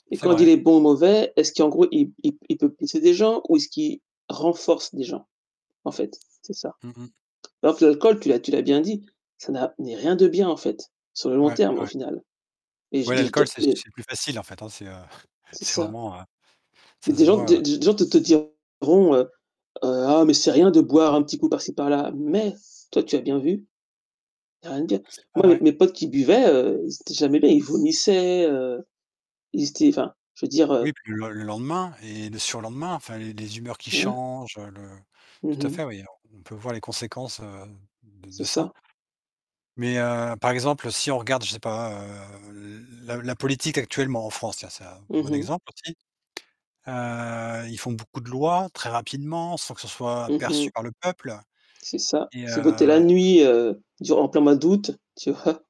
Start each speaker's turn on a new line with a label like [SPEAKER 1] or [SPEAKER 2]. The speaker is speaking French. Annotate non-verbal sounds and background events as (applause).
[SPEAKER 1] Et
[SPEAKER 2] C'est
[SPEAKER 1] quand il
[SPEAKER 2] vrai.
[SPEAKER 1] est bon ou mauvais, est-ce qu'en gros, il il p il p il peut blesser des gens ou est-ce qu'il renforce des gens, en fait? C'est ça.
[SPEAKER 2] Mmh mh.
[SPEAKER 1] Alors que l'alcool tu l'as tu l'as bien dit, ça n'a mais rien de bien en fait, sur le long
[SPEAKER 2] Ouais,
[SPEAKER 1] terme, au
[SPEAKER 2] ouais.
[SPEAKER 1] final et je
[SPEAKER 2] Ouais,
[SPEAKER 1] dis,
[SPEAKER 2] l'alcool,
[SPEAKER 1] de
[SPEAKER 2] c'est
[SPEAKER 1] mais
[SPEAKER 2] c'est le plus facile en fait, hein, c'est, heu, (chuckles)
[SPEAKER 1] C'est
[SPEAKER 2] c'est
[SPEAKER 1] ça.
[SPEAKER 2] vraiment, heu,
[SPEAKER 1] Mais
[SPEAKER 2] ça
[SPEAKER 1] des
[SPEAKER 2] se
[SPEAKER 1] gens des
[SPEAKER 2] voit
[SPEAKER 1] des gens te te diront, heu, heu: «Ah, mais c'est rien de boire un petit coup par-ci par-là», mais toi, tu as bien vu. Il y a rien de bien.
[SPEAKER 2] Mais c'est pas
[SPEAKER 1] Moi, mes
[SPEAKER 2] vrai.
[SPEAKER 1] mes potes qui buvaient, heu, ils étaient jamais bien, ils vomissaient, heu, ils étaient enfin, je veux dire, heu
[SPEAKER 2] Oui, puis le le lendemain et le surlendemain, enfin, les les humeurs qui
[SPEAKER 1] Ouais.
[SPEAKER 2] changent, heu, le
[SPEAKER 1] Mmh
[SPEAKER 2] tout à
[SPEAKER 1] mh.
[SPEAKER 2] fait, oui, on on peut voir les conséquences, heu, de
[SPEAKER 1] C'est
[SPEAKER 2] de ça.
[SPEAKER 1] ça.
[SPEAKER 2] Mais heu, par exemple, si on regarde, je sais pas, heu, l la la politique actuellement en France, tiens, c'est un
[SPEAKER 1] Mmh
[SPEAKER 2] bon
[SPEAKER 1] mh.
[SPEAKER 2] exemple aussi. Heu, ils font beaucoup de lois, très rapidement, sans que ce soit
[SPEAKER 1] Mmh
[SPEAKER 2] perçu
[SPEAKER 1] mh.
[SPEAKER 2] par le peuple
[SPEAKER 1] C'est ça.
[SPEAKER 2] et
[SPEAKER 1] (unintelligible) la
[SPEAKER 2] heu
[SPEAKER 1] nuit, heu, durant en plein mois d'août, tu vois?